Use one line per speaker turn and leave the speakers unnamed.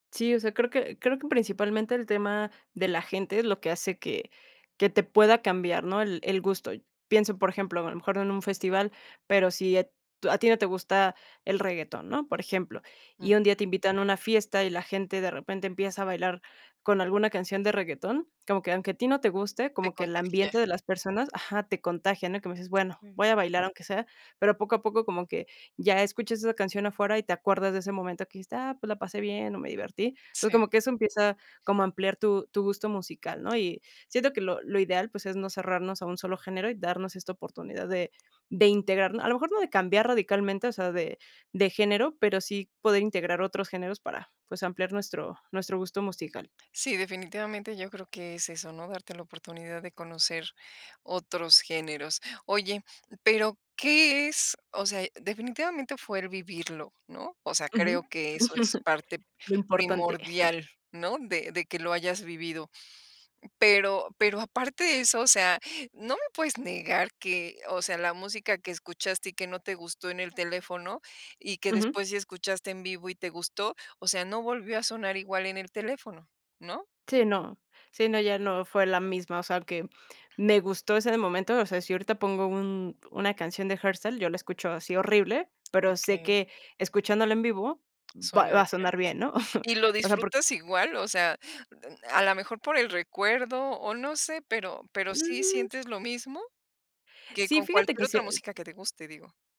Sí, o sea, creo que creo que principalmente el tema de la gente es lo que hace que que te pueda cambiar, ¿no? El el gusto. Pienso, por ejemplo, a lo mejor no en un festival, pero si e tú a ti no te gusta el reguetón, ¿no? Por ejemplo,
Mm.
y un día te invitan a una fiesta, y la gente de repente empieza a bailar con alguna canción de reguetón, como que aunque a ti no te guste,
Te
como que el
contagié.
ambiente de las personas ajá, te contagia, ¿no? Y como dices: "Bueno,
Mm.
voy a bailar aunque sea", pero poco a poco como que ya escuchas esa canción afuera, y te acuerdas de ese momento que dijiste: "Ah, pues la pasé bien, o, me divertí. Entonces,
Sí.
como que eso empieza como a ampliar tu tu gusto musical, ¿no? Y siento que lo lo ideal, pues, es no cerrarnos a un solo género, y darnos esta oportunidad de de integrar, a lo mejor no de cambiar radicalmente, o sea, de de género, pero sí poder integrar otros géneros para, pues, ampliar nuestro nuestro gusto musical.
Sí, definitivamente yo creo que es eso, ¿no? Darte la oportunidad de conocer otros géneros. Oye, pero, ¿qué es? O sea, definitivamente fue el vivirlo, ¿no? O sea, creo
Ujú.
que eso es parte
Lo importante.
primordial, ¿no? De de que lo hayas vivido. Pero pero aparte de eso, o sea, no me puedes negar que, o sea, la música que escuchaste, y que no te gustó en el teléfono, y que
Ujú.
después sí escuchaste en vivo y te gustó. O sea, no volvió a sonar igual en el teléfono, ¿no?
Sí, no. Sí, no, ya no, fue la misma o sea, que me gustó ese momento, o sea, si ahorita pongo un una canción de hardstyle, yo la escucho así horrible, pero sé
Okey.
que escuchándola en vivo va
Suena
va a
diferente.
sonar bien, ¿no?
¿Y lo
O sea, por
disfrutas igual? O sea, [unintelligible] a la mejor por el recuerdo, o, no sé, pero pero, ¿sí
Mm.
sientes lo mismo? Que
Sí,
con
fíjate
cualquier
que sí
otra
e
música que te guste, digo.